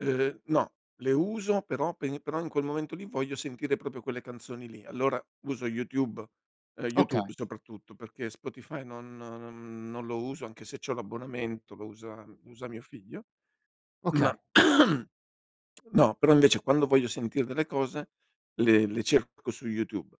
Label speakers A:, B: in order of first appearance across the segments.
A: Uhm, no, le uso però pe però in quel momento lì voglio sentire proprio quelle canzoni lì. Allora uso YouTube uhm,
B: Okay.
A: YouTube soprattutto, perché Spotify non non non lo uso anche se c'ho l'abbonamento, lo usa usa mio figlio. Ma
B: Okay.
A: no, però invece quando voglio sentire delle cose le le cerco su YouTube,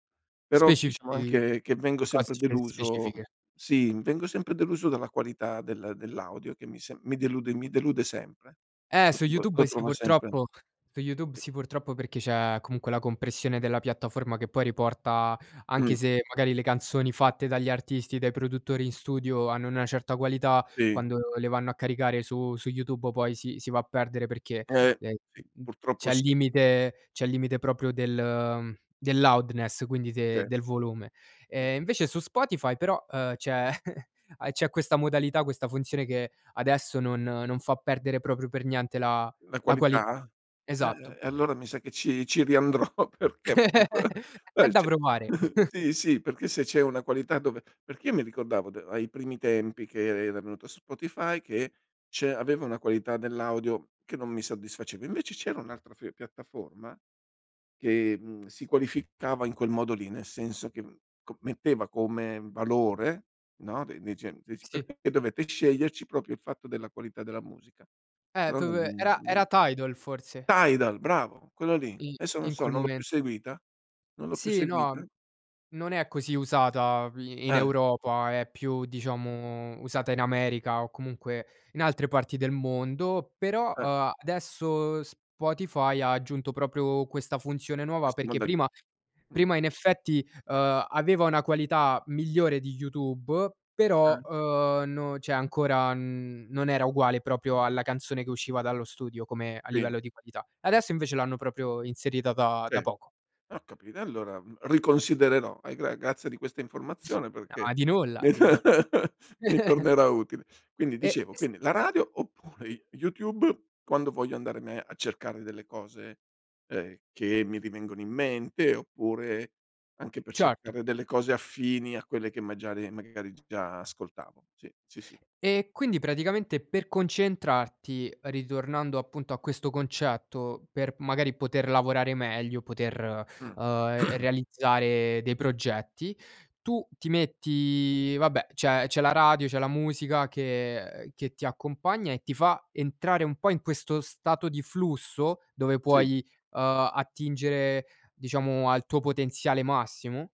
A: però diciamo
B: Specifichi
A: anche che vengo
B: cose
A: sempre
B: spe
A: deluso
B: specifiche.
A: sì, vengo sempre deluso dalla qualità del dell'audio che mi se mi delude mi delude sempre,
B: Eh,
A: lo
B: su
A: tro lo
B: YouTube sì,
A: trova sempre
B: purtroppo su YouTube
A: [unintelligible]
B: sì, purtroppo, perché c'è comunque la compressione della piattaforma che poi riporta,
A: Mh.
B: anche se magari le canzoni fatte dagli artisti, dai produttori in studio hanno una certa qualità,
A: Si.
B: quando le vanno a caricare su su YouTube poi si si va a perdere perché,
A: Eh,
B: ehm,
A: si,
B: m m
A: purtroppo
B: c'è il
A: si.
B: limite c'è il limite proprio del del loudeness quindi
A: Certo.
B: del volume.
A: [unintelligible]
B: Ehm, invece su Spotify però, uhm, c'è c'è questa modalità, questa funzione, che adesso non non fa perdere proprio per niente la
A: La
B: la qualità.
A: qualità?
B: Esatto.
A: E-e-e allora mi sa che ci ci riandrò perché
B: È da provare.
A: [unintelligible] sì, si perché se c'è una qualità dove perché io mi ricordavo d ai primi tempi che e era venuto su Spotify che c'è aveva una qualità dell'audio che non mi soddisfaceva. Invece c'era un'altra f piattaforma, che, mhmm, si qualificava in quel modo lì, nel senso che c metteva come valore, no, de nei cen cioè ci
B: Si.
A: perché dovete sceglierci proprio il fatto della qualità della musica?
B: E
A: Però non
B: dove era
A: mhmm,
B: era Tidal forse.
A: Tidal bravo, quello lì.
B: I
A: Adesso non
B: in
A: so,
B: quel
A: non l'ho più
B: momento.
A: seguita, non l'ho più
B: Sì, no.
A: seguita.
B: Non è così usata i-in
A: Eh.
B: Europa, è più diciamo usata in America o comunque in altre parti del mondo, però,
A: Eh.
B: uhm, adesso Spotify ha aggiunto proprio questa funzione nuova.
A: Questo
B: Perché prima
A: modalità. Mh.
B: prima in effetti, uhm, aveva una qualità migliore di YouTube,
A: Ah.
B: però, uhm, no cioè ancora non era uguale proprio alla canzone che usciva dallo studio come a
A: Qui.
B: livello di qualità. Adesso invece l'hanno proprio inserita da da
A: Cer
B: poco.
A: ho capito. Allora riconsidererò. Eh, gra grazie di questa informazione
B: No
A: perché
B: di nulla, di nulla.
A: mi tornerà utile. Quindi,
B: Eh,
A: dicevo,
B: s
A: quindi la radio oppure Y YouTube quando voglio andare me a cercare delle cose, ehm, che mi rivengono in mente oppure anche per
B: Certo.
A: cercare delle cose affini a quelle che magiari magari già ascoltavo. Sì. Sì, sì.
B: Ehm, quindi, praticamente, per concentrarti, ritornando appunto a questo concetto, per magari poter lavorare meglio, poter,
A: Mh.
B: uhm, realizzare dei progetti, tu ti metti vabbè, c'è c'è la radio, c'è la musica che che ti accompagna e ti fa entrare un po' in questo stato di flusso dove
A: Si.
B: puoi, uhm, attingere, diciamo, al tuo potenziale massimo.